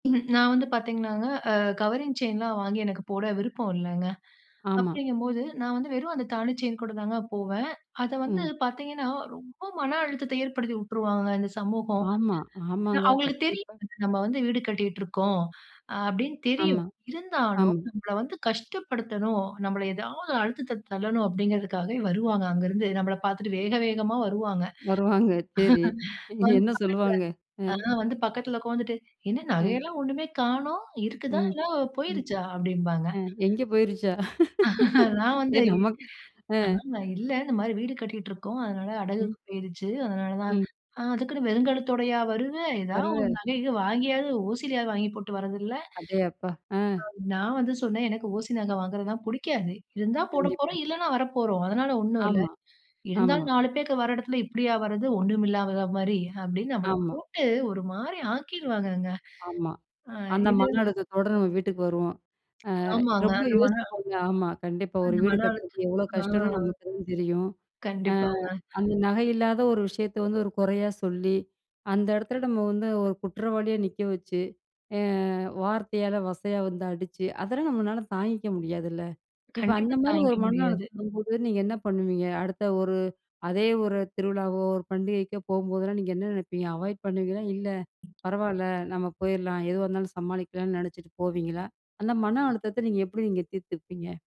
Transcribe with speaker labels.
Speaker 1: நான் வந்து பாத்தீங்கனாங்க, அ கவரிங் செயின்லாம் வாங்கி எனக்கு போட விருப்போம் இல்லங்க.
Speaker 2: ஆமா.
Speaker 1: அப்படிங்கும்போது நான் வந்து வெறும் அந்த தாலி செயின் கூட தாங்க போவேன். அத வந்து
Speaker 2: ம்.
Speaker 1: பாத்தீங்கன்னா, ரொம்ப மன அழுத்தத்தை ஏற்படுத்தி வுட்டுருவாங்கங்க இந்த சமூகம்.
Speaker 2: ஆமா.
Speaker 1: ஏன்னா,
Speaker 2: ஆமாங்க.
Speaker 1: அவுங்களுக்கு
Speaker 2: கண்டிப்பா.
Speaker 1: தெரியும். நம்ம வந்து வீடு கட்டிகிட்டுருக்கோம், அ அப்படின்னு தெரியும்.
Speaker 2: ஆமா. அம்.
Speaker 1: இருந்தாலும், நம்மள வந்து கஷ்டப்படுத்தணும், நம்மள ஏதாவது அழுத்தத்த தள்ளணும், அப்படிங்கிறதுக்காகவே வருவாங்க அங்கருந்து நம்மள பாத்துட்டு வேக வேகமா வருவாங்க.
Speaker 2: வருவாங்க, சரி.
Speaker 1: வந்து,
Speaker 2: என்ன சொல்லுவாங்க? அ.
Speaker 1: பக்கத்தில அதான் வந்து பக்கத்தில உட்கார்ந்துட்டு, "என்ன நகை
Speaker 2: அ.
Speaker 1: எல்லாம் ஒண்ணுமே காணோம்! இருக்குதா?
Speaker 2: ம்.
Speaker 1: இல்ல
Speaker 2: ம்.
Speaker 1: போயிருச்சா?" அப்டிம்பாங்க.
Speaker 2: அ. எங்க போயிருச்சா?
Speaker 1: நான் வந்து,
Speaker 2: சரி நமக்கு அ.
Speaker 1: ஆ நா இல்ல, இந்த மாரி வீடு கட்டிகிட்டு இருக்கோம். அதனால
Speaker 2: ம்.
Speaker 1: அடகுக்கு போயிருச்சு. அதனால தான்
Speaker 2: ம்
Speaker 1: அ. "அதுக்குன்னு வெறுங்கழுத்தோடையா வருவ? ஏதாவது ஒரு
Speaker 2: வருவ.
Speaker 1: நகை, கிகை வாங்கியாவது, ஓசியிலயாவது வாங்கி போட்டு வரதில்ல?"
Speaker 2: அடே அப்பா! அ.
Speaker 1: நான் வந்து சொன்னேன், "எனக்கு ஓசி நகை வாங்குறதெல்லாம் புடிக்காது. இருந்தா
Speaker 2: கண்டிப்பா.
Speaker 1: போடப்போறோம், இல்லன்னா வரப்போறோம். அதனால ஒண்ணும் இல்ல."
Speaker 2: ஆமா, ஆமா.
Speaker 1: "இருந்தாலும் 4 பேக்க வர இடத்தில இப்படியா வர்றது? ஒண்ணும் இல்லாத மாதிரி." அப்படின்னு, நம்மள
Speaker 2: ஆமா.
Speaker 1: போட்டு ஒரு மாரி ஆக்கிடுவாங்கங்க.
Speaker 2: ஆமா.
Speaker 1: ஆ.
Speaker 2: அந்த
Speaker 1: இது,
Speaker 2: மன அழுத்தத்தோட நம்ம வீட்டுக்கு வருவோம். அ
Speaker 1: ஆமாங்க.
Speaker 2: ரொம்ப
Speaker 1: அந்த மன
Speaker 2: யோசிப்பாங்க. ஆமா, கண்டிப்பா. ஒரு
Speaker 1: அந்த
Speaker 2: வீடு
Speaker 1: மன அழுத்தம்.
Speaker 2: கட்டுறது எவ்ளோ கஷ்டம்னு
Speaker 1: ஹான்.
Speaker 2: நமக்கு தான் தெரியும். அ.
Speaker 1: கண்டிப்பாங்க.
Speaker 2: அந்த நகை இல்லாத ஒரு விஷயத்த வந்து ஒரு குறையா சொல்லி, அந்த இடத்துல நம்ம வந்து ஒரு குற்றவாளியா நிக்க வச்சு, அ வார்த்தையால வசையா வந்து அடிச்சு, அதெல்லாம் நம்மளால தாங்கிக்க முடியாதுல்ல. இப்ப அந்த
Speaker 1: கண்டிப்பா
Speaker 2: மாதிரி ஒரு
Speaker 1: தாங்கிக்க
Speaker 2: மன
Speaker 1: முடியாது.
Speaker 2: அழுத்தம் வரும்போது நீங்க என்ன பண்ணுவீங்க? அடுத்த ஒரு அதே ஒரு திருவிழாவோ, ஒரு பண்டிகைக்கோ போகும்போதெல்லாம் நீங்க என்ன நினைப்பீங்க? அவாய்ட் பண்ணுவீங்களா? இல்ல பரவாயில்ல, நம்ம போயிறலாம். எதுவா இருந்தாலும் சமாளிக்கலாம்னு நினைச்சிட்டு போவீங்களா? அந்த மன அழுத்தத்தை நீங்க எப்படி நீங்க தீர்த்துப்பீங்க?